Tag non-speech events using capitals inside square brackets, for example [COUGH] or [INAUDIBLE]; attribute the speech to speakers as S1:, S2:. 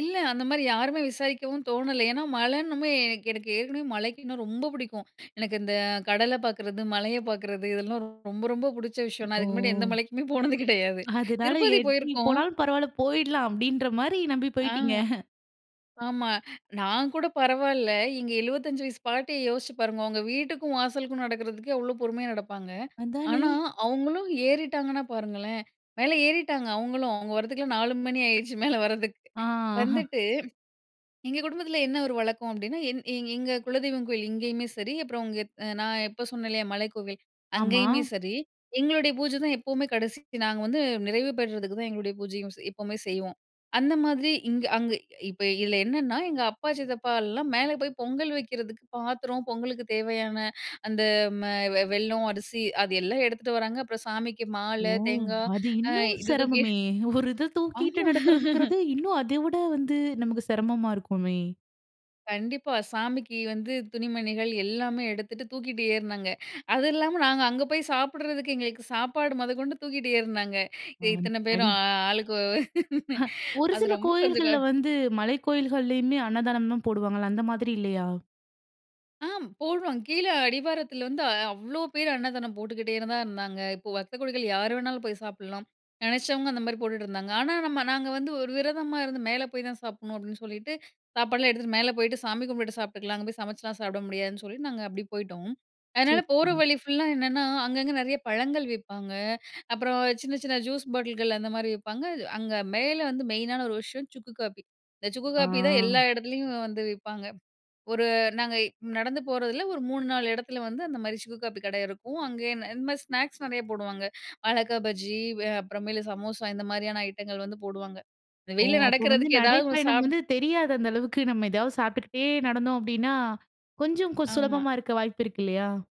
S1: இல்ல. அந்தமாரி யாருமே விசாரிக்கவும் தோணல. ஏன்னா, மழைன்னுமே எனக்கு, எனக்கு ஏற்கனவே மழைக்கு இன்னும் ரொம்ப புடிக்கும். எனக்கு இந்த கடல பார்க்கிறது, மலைய பார்க்கிறது இதெல்லாம் ரொம்ப, ரொம்ப பிடிச்ச விஷயம். நான் அதுக்கு முன்னாடி எந்த
S2: ஓ!
S1: மலைக்குமே போனது கிடையாது.
S2: அதனால எ
S1: திருப்பதி
S2: எப்பிடி
S1: போயிருக்கோம்.
S2: போனாலும் பரவாயில்ல போயிட்லாம், அப்பிடின்ற மாரி நம்பி
S1: ஆ,
S2: போயிட்டீங்க
S1: ஆமா. நான் கூட பரவாயில்ல. எங்க 75 வயசு பாட்டிய யோசிச்சு பாருங்க, அவுங்க வீட்டுக்கும், வாசலுக்கும் நடக்கிறதுக்கே அவ்ளோ பொறுமையா நடப்பாங்க.
S2: அதானே!
S1: ஆனா, அவுங்களும் ஏறிட்டாங்கன்னா பாருங்களேன்! மேல ஏறிட்டாங்க அவுங்களும். அவுங்க வரதுக்கெல்லாம் 4:00 மணி ஆயிடுச்சு, மேல வர்றதுக்கு.
S2: ஆ. [CHUCKLES]
S1: வந்துட்டு [SWALLOWS] எங்க குடும்பத்தில என்ன ஒரு வழக்கம் அப்பிடின்னா என் எ எங்க குலதெய்வம் கோயில் இங்கேயுமே சரி, அப்புறம் இங்க அ நான் இப்ப சொன்னேன் இல்லயா! மலைக்கோவில்
S2: ஆமா.
S1: அங்கேயுமே சரி. எங்களுடைய பூஜை தான் எப்பவுமே கடைசி நாங்க வந்து நிறைவு பெற்றதுக்கு தான் எங்களுடைய பூஜையும் செய் எப்பவுமே செய்வோம். அந்த மாதிரி இங்க அங்க இப்ப இதில என்னன்னா, எங்க அப்பா, சித்தப்பாலாம் மேல போய் பொங்கல் வைக்கிறதுக்கு பாத்திரம் பொங்கலுக்கு தேவையான அந்த மெ வெல்லம், அரிசி அது எல்லாம் எடுத்துட்டு வராங்க. அப்புறம் சாமிக்கு
S2: ஓ!
S1: மாலை, தேங்காய்
S2: அது
S1: அ
S2: இன்னும்
S1: இது தூக்கி
S2: சிரமமே ஒரு இத தூக்கிட்டு
S1: ஆமா [LAUGHS]
S2: நடக்கிறதுங்கிறது, இன்னும் அத விட வந்து நமக்கு சிரமமா இருக்குமே!
S1: கண்டிப்பா. சாமிக்கு வந்து துணிமணிகள் எல்லாமே எடுத்துட்டு தூக்கிட்டு ஏறுனாங்க. அது இல்லாம நாங்க அங்க போய் சாப்பிடறதுக்கு, எங்களுக்கு சாப்பாடு மொதக்கொண்டு தூக்கிட்டு ஏறுனாங்க. எ
S2: ஆ
S1: இத்தன பேரும் அ,
S2: [UNINTELLIGIBLE]
S1: அ ஆளுக்கு [LAUGHS]
S2: அ. ஒரு
S1: அது
S2: சில
S1: ரொம்ப கொஞ்சம்
S2: கோயில்கள்ல
S1: க
S2: வந்து மலைக் கோயில்கள்லயுமே அன்னதானம் தான் போடுவாங்கல்ல, அந்தமாரி இல்லயா!
S1: ஆ போடுவாங்க. கீழே அடிவாரத்தில வந்து அவ்ளோ பேரு அன்னதானம் போட்டுக்கிட்டே தான் இருந்தாங்க. இப்ப பக்தகோடிகள் யார் வேணாலும் போய் சாப்பிட்லாம். நினைச்சவங்க அந்தமாரி போட்டுட்டு இருந்தாங்க. ஆனா, நம்ம நாங்க வந்து ஒரு விரதமா இருந்து, மேல போய் தான் சாப்புட்ணும் அப்பிடின்னு சொல்லிட்டு சாப்பாடுலாம் எடுத்துட்டு மேல போயிட்டு, சாமி கும்பிட்டுட்டு சாப்பிட்டுக்கலாம். அங்க போய் சமச்சுலாம் சாப்பிட முடியாதுன்னு சொல்லி, நாங்க அப்பிடியே போயிட்டோம்.
S2: சரி,
S1: அதனால, போற
S2: சரி.
S1: வழி ஃபுல்லா என்னன்னா, அங்க அங்க நிறைய பழங்கள் விப்பாங்க. அப்புறம் சின்ன, சின்ன ஜூஸ் பாட்டில்கள் அந்தமாரி விப்பாங்க. அங்க மேல வந்து மெயினான ஒரு விஷயம் சுக்கு காப்பி. இந்த சுக்கு காப்பி தான் எல்லா
S2: ஆ.
S1: இடத்துலயும் வந்து விப்பாங்க. ஒரு நாங்க நடந்து போறதில ஒரு 3, 4 இடத்துல வந்து அந்தமாரி சுக்கு காப்பி கடை இருக்கும். அங்கே இந்தமாரி ஸ்நாக்ஸ் நிறைய போடுவாங்க. வாழக்கா பஜ்ஜி அ அப்புறமேல சமோசா இந்தமாரியான ஐட்டங்கள் வந்து போடுவாங்க. இந்த
S2: ஓ!
S1: வெயில்ல
S2: அப்போ வந்து
S1: நடக்கிறதுக்கு ஏதாவது ஒன்னு
S2: நடைப்பயணம்
S1: சாப்பிட்டு
S2: வந்து தெரியாது அந்த அளவுக்கு. நம்ம ஏதாவது சாப்பிட்டுகிட்டே நடந்தோம் அப்பிடின்னா, கொஞ்சம் கு
S1: ஆமா.
S2: சுலபமா இருக்க வாய்ப்பு இருக்கு இல்லயா!